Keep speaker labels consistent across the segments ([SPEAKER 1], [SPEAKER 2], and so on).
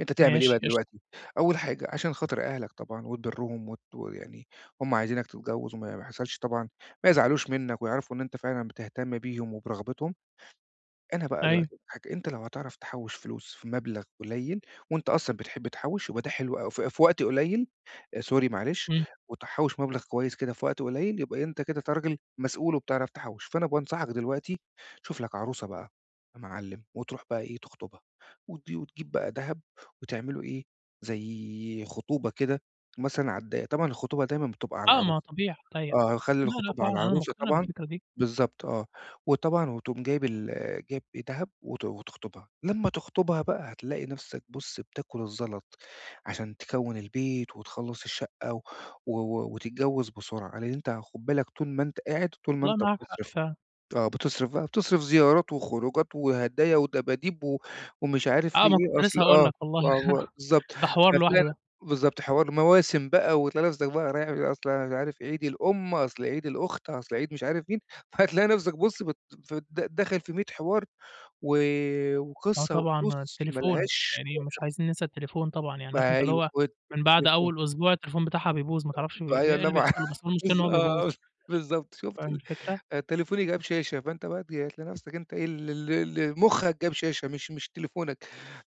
[SPEAKER 1] أنت تعمل إيه
[SPEAKER 2] ماشي
[SPEAKER 1] بقى
[SPEAKER 2] قشطة.
[SPEAKER 1] دلوقتي. أول حاجة عشان خاطر أهلك طبعًا وتبرّهم وت ويعني هُم عايزينك تتجوز، وما ما يحصلش طبعًا ما يزعلوش منك، ويعرفوا إن أنت فعلًا بتهتم بيهم وبرغبتهم، أنا بقى
[SPEAKER 2] أيوه.
[SPEAKER 1] دلوقتي هاج أنت لو هتعرف تحوش فلوس في مبلغ قليل، وأنت أصلًا بتحب تحوش يبقى ده حلو أوي، ف في وقت قليل، آآ، sorry معلش،
[SPEAKER 2] امم.
[SPEAKER 1] وتحوش مبلغ كويس كده في وقت قليل، يبقى إيه، أنت كده ت راجل مسؤول وبتعرف تحوش. فأنا بانصحك دلوقتي تشوف لك عروسة بقى يا معلم وتروح بقى إيه، تخطبها، وت وتجيب بقى دهب وتعملوا إيه، زي خطوبة كده مثلًا على الضيّق، طبعًا الخطوبة دايمًا بتبقى على
[SPEAKER 2] آه، ما هو
[SPEAKER 1] العروسة،
[SPEAKER 2] طبيعي، [unintelligible]
[SPEAKER 1] آه خلي
[SPEAKER 2] لا، لا
[SPEAKER 1] الخطوبة
[SPEAKER 2] فعلًا
[SPEAKER 1] على
[SPEAKER 2] أنا
[SPEAKER 1] العروسة
[SPEAKER 2] مقتنع
[SPEAKER 1] طبعًا،
[SPEAKER 2] بالفكرة دي.
[SPEAKER 1] بالضبط آه، وطبعًا وتقوم جايب ال جايب إيه دهب وت وتخطبها. لما تخطبها بقى هتلاقي نفسك بُص، بتاكل الزلط عشان تكوّن البيت وتخلّص الشقة و و و وتتجوز بسرعة. لأن أنت خد بالك، طول ما أنت قاعد، طول ما
[SPEAKER 2] والله
[SPEAKER 1] أنت
[SPEAKER 2] معاك حق
[SPEAKER 1] بتصرف،
[SPEAKER 2] فعلًا.
[SPEAKER 1] آه بتصرف بقى بتصرف زيارات وخروجات وهدايا ودباديب و ومش عارف
[SPEAKER 2] آه،
[SPEAKER 1] ليه
[SPEAKER 2] ما
[SPEAKER 1] إيه
[SPEAKER 2] كنت
[SPEAKER 1] أصل
[SPEAKER 2] لسه هاقول
[SPEAKER 1] آه
[SPEAKER 2] لك والله.
[SPEAKER 1] و و بالضبط،
[SPEAKER 2] ده حوار لوحده
[SPEAKER 1] فهتلاقي
[SPEAKER 2] ده.
[SPEAKER 1] بالضبط حوار مواسم بقى وتلاقي نفسك بقى رايح أصل عارف إيه عيد الأم، أصل عيد الأخت، أصل عيد مش عارف مين، فهتلاقي نفسك بُص بت ف د داخل في مِيِّة حوار و
[SPEAKER 2] آه
[SPEAKER 1] وقصة
[SPEAKER 2] طبعًا،
[SPEAKER 1] وفلوس ما
[SPEAKER 2] التليفون
[SPEAKER 1] لهاش
[SPEAKER 2] يعني مش
[SPEAKER 1] آخر. [unintelligible]
[SPEAKER 2] عايزيِن ننسى التليفون طبعًا، يعني عارف أنت اللي
[SPEAKER 1] أيوه.
[SPEAKER 2] هو
[SPEAKER 1] وت
[SPEAKER 2] من بعد
[SPEAKER 1] تليفون.
[SPEAKER 2] أوِّل أسبوع التليفون بتاعها بيبوظ، ما
[SPEAKER 1] أ
[SPEAKER 2] تعرفش ب ب
[SPEAKER 1] فهي
[SPEAKER 2] إيه
[SPEAKER 1] والله
[SPEAKER 2] اللي
[SPEAKER 1] ما أعرف،
[SPEAKER 2] بيحصل له، بس هو المشكلة إن هو بيبوظ.
[SPEAKER 1] بالضبط، بالضبط شُفت
[SPEAKER 2] فاهم
[SPEAKER 1] ال
[SPEAKER 2] الفكرة؟
[SPEAKER 1] آآ، تليفوني جاب شاشة، فأنت بقى تج هتلاقي نفسك أنت إيه، ال ال ال مخّك جاب شاشة مش مش تليفونك.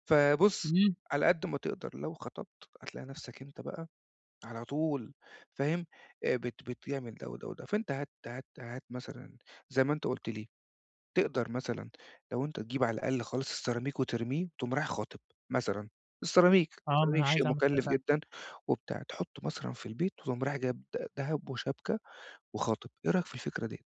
[SPEAKER 1] فبُص
[SPEAKER 2] امم.
[SPEAKER 1] على قد ما تقدر لو خطبت، هتلاقي نفسك أنت بقى على طول فاهم، آآ بت بتعمل ده وده وده، فأنت هات هات هات مثلًا زي ما أنت قُلت لي، تقدر مثلًا لو أنت تجيب على الأقل خلاص السيراميك وترميه، تقوم رايح خاطب مثلًا، السيراميك،
[SPEAKER 2] آه، ما
[SPEAKER 1] السيراميك
[SPEAKER 2] أنا
[SPEAKER 1] شيء
[SPEAKER 2] عايز أعمل كده
[SPEAKER 1] مكلف
[SPEAKER 2] فعلًا.
[SPEAKER 1] جدًا وبتاع. تحطُه مثلًا في البيت، وتقوم رايح جايب د دهب وشبكة وخاطب، إيه رأيك في الفكرة ديّة؟